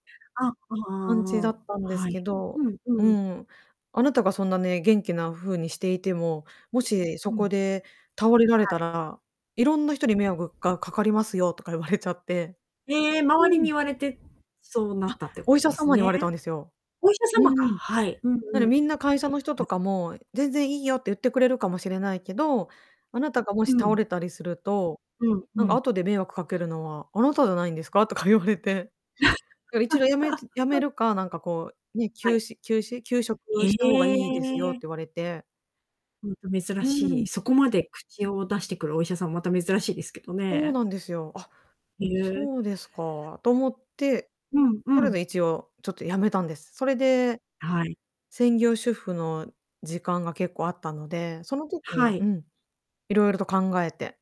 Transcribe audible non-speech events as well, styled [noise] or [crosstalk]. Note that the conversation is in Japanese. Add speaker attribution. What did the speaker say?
Speaker 1: あ、あ
Speaker 2: 感じだ
Speaker 1: あ、
Speaker 2: ったんです
Speaker 1: は
Speaker 2: け
Speaker 1: い。う
Speaker 2: ど
Speaker 1: ん
Speaker 2: う
Speaker 1: うん。
Speaker 2: ん「あなたがそんなね、元気な風にしていても、もしそ
Speaker 1: う
Speaker 2: こ
Speaker 1: ん。
Speaker 2: で倒れられ
Speaker 1: は
Speaker 2: た
Speaker 1: い。
Speaker 2: ら、色んな人に迷惑がかかりますよ」とか言われちゃって。
Speaker 1: え、周
Speaker 2: う
Speaker 1: りに
Speaker 2: ん。
Speaker 1: 言われて、そうな
Speaker 2: あ、
Speaker 1: ったってこ
Speaker 2: お医
Speaker 1: と
Speaker 2: 者
Speaker 1: です
Speaker 2: 様に言
Speaker 1: ね。
Speaker 2: われたんですよ。
Speaker 1: お医者
Speaker 2: う
Speaker 1: 様か
Speaker 2: ん
Speaker 1: はい。うんうん。
Speaker 2: 「だってみんな会社の人
Speaker 1: ま
Speaker 2: と
Speaker 1: だ
Speaker 2: かも『全然いいよ』って言ってくれるかもしれないけど、あなたがもし
Speaker 1: う
Speaker 2: 倒
Speaker 1: ん。
Speaker 2: れたりすると、
Speaker 1: うん、
Speaker 2: なん
Speaker 1: う
Speaker 2: か
Speaker 1: ん。
Speaker 2: 後で迷惑かけるのはあなたじゃないんですか？」とか言われて。だから「一度やめつやめ
Speaker 1: [chuckles]
Speaker 2: るか、なんかこうね、
Speaker 1: は
Speaker 2: 休
Speaker 1: い。
Speaker 2: 止休止休職を
Speaker 1: へ
Speaker 2: した方がいいですよ」って
Speaker 1: え。
Speaker 2: 言われて。
Speaker 1: ほんと、珍
Speaker 2: う
Speaker 1: しい。
Speaker 2: ん。
Speaker 1: そこまで口を出してくるお医者さんもまた珍しいですけど
Speaker 2: そう
Speaker 1: ね。
Speaker 2: なんですよ「あっ、
Speaker 1: ひう。
Speaker 2: そうですか」と思って、
Speaker 1: うん、
Speaker 2: と
Speaker 1: う
Speaker 2: りあえず
Speaker 1: ん。
Speaker 2: 一応ちょっとやめたんです。それで、
Speaker 1: はい。
Speaker 2: 専業主婦の時間が結構あったので、その時
Speaker 1: は
Speaker 2: にう
Speaker 1: い。
Speaker 2: ん、いろいろと考えて